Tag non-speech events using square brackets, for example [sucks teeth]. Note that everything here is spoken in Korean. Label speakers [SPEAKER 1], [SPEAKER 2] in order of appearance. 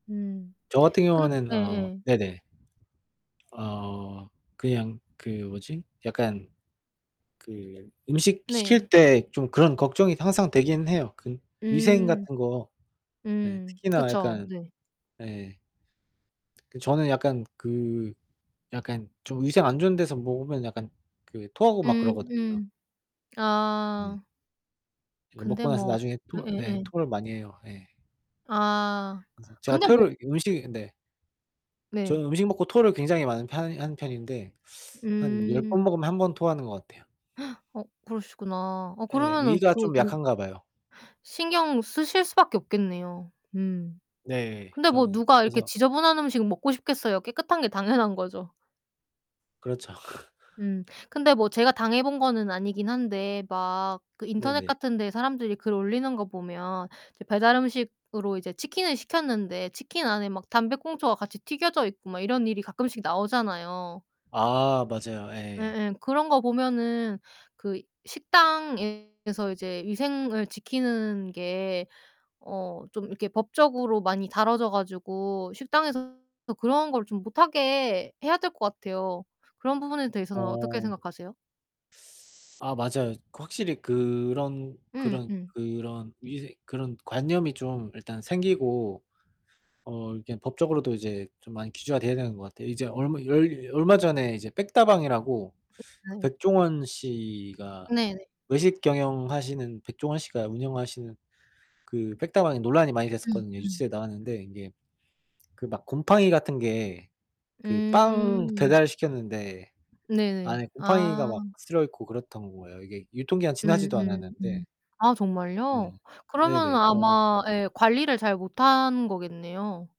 [SPEAKER 1] 음.
[SPEAKER 2] 저 같은
[SPEAKER 1] 근
[SPEAKER 2] 경우에는 어
[SPEAKER 1] 예예.
[SPEAKER 2] 네네. 어 그냥 그 뭐지? 약간 그 음식 시킬
[SPEAKER 1] 네.
[SPEAKER 2] 때 좀 그런 걱정이 항상 되긴 해요, 그 위생
[SPEAKER 1] 음.
[SPEAKER 2] 같은 거. 예.
[SPEAKER 1] 음.
[SPEAKER 2] 특히나
[SPEAKER 1] 그쵸.
[SPEAKER 2] 약간
[SPEAKER 1] 네.
[SPEAKER 2] 예. 그 저는 약간 그 약간 좀 위생 안 좋은 데서 먹으면 약간 그 토하고 막
[SPEAKER 1] 음
[SPEAKER 2] 그러거든요.
[SPEAKER 1] 음.
[SPEAKER 2] 예.
[SPEAKER 1] 아.
[SPEAKER 2] 이제
[SPEAKER 1] 근데
[SPEAKER 2] 먹고 나서
[SPEAKER 1] 뭐
[SPEAKER 2] 나중에 토 예
[SPEAKER 1] 예예예.
[SPEAKER 2] 토를 많이 해요. 예.
[SPEAKER 1] 아.
[SPEAKER 2] 그래서 제가
[SPEAKER 1] 근데 뭐
[SPEAKER 2] 토를 이 음식이 근데
[SPEAKER 1] 네.
[SPEAKER 2] 저는 음식 먹고 토를 굉장히 많은 편이 하는 편인데 [sucks teeth] 한 10 번
[SPEAKER 1] 음.
[SPEAKER 2] 먹으면 1 번 토하는 것 같아요.
[SPEAKER 1] [gasps] 어 그러시구나. 어
[SPEAKER 2] 예.
[SPEAKER 1] 그러면은
[SPEAKER 2] 위가
[SPEAKER 1] 그
[SPEAKER 2] 좀
[SPEAKER 1] 좀
[SPEAKER 2] 약한가 봐요.
[SPEAKER 1] [gasps] 신경 쓰실 수밖에 없겠네요. 음.
[SPEAKER 2] 네.
[SPEAKER 1] 근데 뭐
[SPEAKER 2] 저는.
[SPEAKER 1] 누가 이렇게
[SPEAKER 2] 그래서
[SPEAKER 1] 지저분한 음식 먹고 싶겠어요. 깨끗한 게 당연한 거죠.
[SPEAKER 2] 그렇죠. [laughs]
[SPEAKER 1] 음. 근데 뭐 제가 당해 본 거는 아니긴 한데 막 그
[SPEAKER 2] 네
[SPEAKER 1] 인터넷
[SPEAKER 2] 네.
[SPEAKER 1] 같은 데 사람들이 글 올리는 거 보면 이제 배달 음식으로 이제 치킨을 시켰는데 치킨 안에 막 담배꽁초가 같이 튀겨져 있고 막 이런 일이 가끔씩 나오잖아요.
[SPEAKER 2] 아 맞아요. 예.
[SPEAKER 1] 예예. 그런 거 보면은 그 식당에서 이제 위생을 지키는 게 어 좀 이렇게 법적으로 많이 다뤄져 가지고 식당에서 그런 걸 좀 못 하게 해야 될 것 같아요. 그런 부분에 대해서는 어떻게
[SPEAKER 2] 어.
[SPEAKER 1] 생각하세요?
[SPEAKER 2] [sucks teeth] 아 맞아요. 확실히 그런
[SPEAKER 1] 응.
[SPEAKER 2] 그런
[SPEAKER 1] 응.
[SPEAKER 2] 그런 위생 그런 관념이 좀 일단 생기고 어 이렇게 법적으로도 이제 좀 많이 규제가 되어야 되는 것 같아요. 이제 얼마 열 얼마 전에 이제 빽다방이라고 그
[SPEAKER 1] 네.
[SPEAKER 2] 백종원 씨가,
[SPEAKER 1] 네네.
[SPEAKER 2] 외식 경영하시는 백종원 씨가 운영하시는 그 빽다방이 논란이 많이
[SPEAKER 1] 음.
[SPEAKER 2] 됐었거든요.
[SPEAKER 1] 음.
[SPEAKER 2] 뉴스에 나왔는데 이게 그 막 곰팡이 같은 게 그 빵
[SPEAKER 1] 음.
[SPEAKER 2] 배달시켰는데
[SPEAKER 1] 네네.
[SPEAKER 2] 안에 곰팡이가
[SPEAKER 1] 아.
[SPEAKER 2] 막 슬어 있고 그랬던 거예요, 이게 유통기한
[SPEAKER 1] 음
[SPEAKER 2] 지나지도
[SPEAKER 1] 음 음.
[SPEAKER 2] 않았는데.
[SPEAKER 1] 아 정말요?
[SPEAKER 2] 네. 예.
[SPEAKER 1] 그러면은
[SPEAKER 2] 네. 맞아.
[SPEAKER 1] 아마 예 관리를 잘못한 거겠네요.